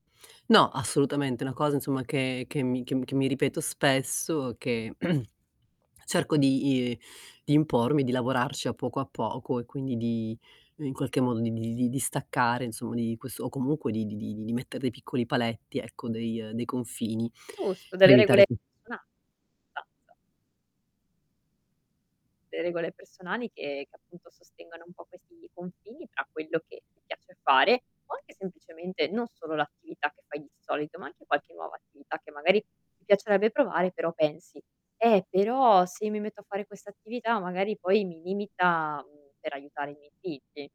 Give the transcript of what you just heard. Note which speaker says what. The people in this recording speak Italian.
Speaker 1: No assolutamente, una cosa, insomma, che che mi che mi che mi ripeto spesso che cerco di i di impormi, di lavorarci a poco a poco e quindi di in qualche modo di di li di staccare insom di quest o comunque di di di di metter dei piccoli paletti, ecco, dei dei confini
Speaker 2: Giusto,
Speaker 1: per
Speaker 2: delle regole
Speaker 1: evitare [unintelligible]
Speaker 2: personali [unintelligible] Delle regole personali che che appunto sostengano un po' questi confini, tra quello che ti piace fare, o anche semplicemente non solo l'attività che fai di solito, ma anche qualche nuova attività che magari ti piacerebbe provare però pensi: "Eh, però se io mi metto a fare questa attività, magari poi mi limita, mhmm, per aiutare i miei figli".